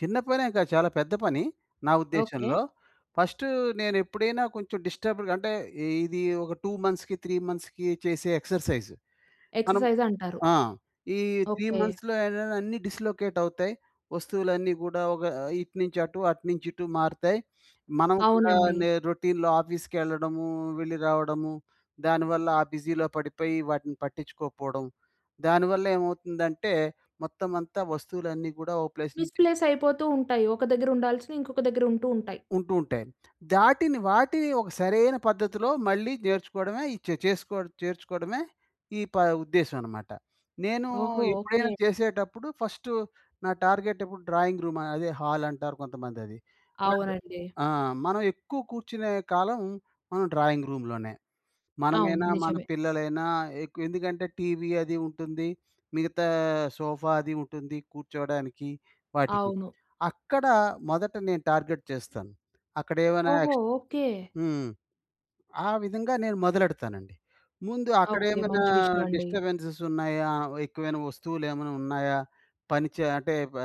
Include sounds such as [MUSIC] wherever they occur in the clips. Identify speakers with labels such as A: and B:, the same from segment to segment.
A: చిన్న పనేం కాదు చాలా పెద్ద పని, నా
B: ఓకే.
A: ఉద్దేశంలో. ఫస్ట్ నేనెప్పుడైనా కొంచెం డిస్టర్బ్‌డ్‌గా అంటే ఇది ఒక 2 మంత్స్‌కీ, 3 మంత్స్‌కీ చేసే ఎక్సర్సైజ్. మనం
B: ఎక్సర్సైజంటారు.
A: ఆ! ఈ త్రీ
B: ఓకే.
A: మంత్స్‌లో ఏంటంటే అన్నీ డిస్లొకేటవుతాయి. వస్తువులన్నీ గూడా ఒక ఇటు నుంచి అటు, అటు నుంచి ఇటు మారుతాయి. [SNIFFS] మనం కూడా
B: అవునండి.
A: నే రొటీన్‌లో ఆఫీస్‌కెళ్ళడము, వెళ్లి రావడము. దానివల్ల ఆ బిజీలో పడిపోయి వాటిని పట్టించుకోకపోవడం. దానివల్లేమవుతుందంటే మొత్తం అంతా వస్తువులన్నీ గూడా ఒక ప్లేస్
B: మిస్
A: నుంచి తీసి
B: ప్లేస్ అయిపోతూ ఉంటాయి. ఒక దగ్గర ఉండాల్సినయి ఇంకొక దగ్గర ఉంటూ ఉంటాయి.
A: ఉంటూ ఉంటాయి. దాటిని వాటిని ఒక సరైన పద్ధతిలో మళ్ళీ నేర్చుకోవడమే ఈ చె చేసుకో చేర్చుకోవడమే ఈ ప ఉద్దేశ్యమన్నమాట. నేను
B: ఓహో!
A: ఎప్పుడైనా
B: ఓకే.
A: చేసేటప్పుడు ఫస్టు నా టార్గెటెప్పుడు డ్రాయింగ్ రూమ్ అదే హాలంటారు కొంతమందది. అండ్
B: అవునండి.
A: ఆ! మనం ఎక్కువ కూర్చునే కాలం మనం డ్రాయింగ్ రూమ్‌లోనే.
B: అవును.
A: మనమేనా, మన
B: నిజమే.
A: పిల్లలైనా ఎక్కువెందుకంటే టీవీ అది ఉంటుంది. మిగతా సోఫా అది ఉంటుంది. కూర్చోవడానికి, వాటికి.
B: అవును.
A: అక్కడ మొదట నేను టార్గెట్ చేస్తాను. అక్కడేవనా
B: ఓహో!
A: ఎక్స్
B: ఓకే.
A: హ్మ్. ఆ విధంగా నేను మొదలెడతానండి. ముందు
B: ఓకే.
A: అక్కడేమనా
B: మంచి విషయమండి.
A: డిస్టబెన్సెసున్నాయా? ఎక్కువైన వస్తువులేమైనా ఉన్నాయా? పని చ అంటే బ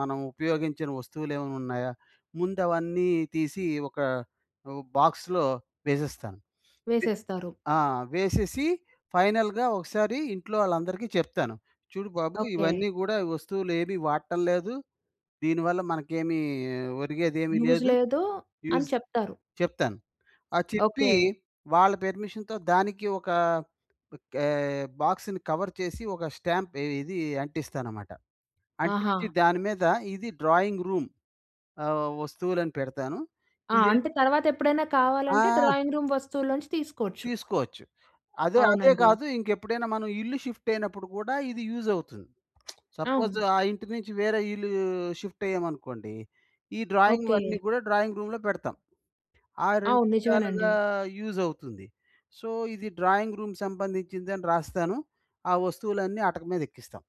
A: మనం ఉపయోగించని వస్తువులేమైనా ఉన్నాయా? ముందవన్నీ తీసి ఒక ఓ బాక్స్‌లో వేసేస్తాను.
B: వేసేస్తారు.
A: ఆ! వేసేసి ఫైనల్‌గా ఒకసారి ఇంట్లో ఆళ్ళందరికీ చెప్తాను. చూడు బాబు
B: ఓకే.
A: ఇవన్నీ గూడా వస్తువులేవి వాట్టం లేదు. దీనివల్ల మనకేమి ఒరిగేదేమీ
B: యూజ్
A: లేదు.
B: లేదు అని
A: యూజ్
B: చెప్తారు.
A: చెప్తాను. ఆ చెప్పీ
B: ఓకే.
A: వాళ్ళ పెర్మిషన్‌తో దానికి ఒక కే బాక్స్‌ని కవర్ చేసి ఒక స్టాంప్ ఏ ఇది అంటిస్తానమాట. అంటించి
B: ఆహా!
A: దాని మీద ఇది డ్రాయింగ్ రూమ్ ఆహ్, వస్తువులని పెడతాను.
B: ఆ!
A: ఇదే
B: అంటే తర్వాతెప్పుడైనా కావాలంటే
A: ఆ!
B: డ్రాయింగ్ రూమ్ వస్తువులో నుంచి తీసుకోచ్చు.
A: తీసుకోవచ్చు. అదే, అదే
B: అవునండి.
A: గాదు. ఇంకెప్పుడైనా మనం ఇల్లు షిఫ్టయినప్పుడు గూడా ఇది యూజవుతుంది. [SMACKS LIPS] సపోజ్
B: అవును.
A: ఆ ఇంటి నుంచి వేరే ఇల్లు షిఫ్టయ్యామనుకోండి, ఈ డ్రాయింగ్
B: ఓకే.
A: వన్నీ గూడా డ్రాయింగ్ రూమ్‌లో పెడతాం. ఆ 2
B: అవును.
A: విధాలుగా
B: నిజమేనండి.
A: యూజవుతుంది. సో, ఇది డ్రాయింగ్ రూమ్ సంబంధించిందని రాస్తాను, ఆ వస్తువులన్నీ అటక మీదెక్కిస్తాం.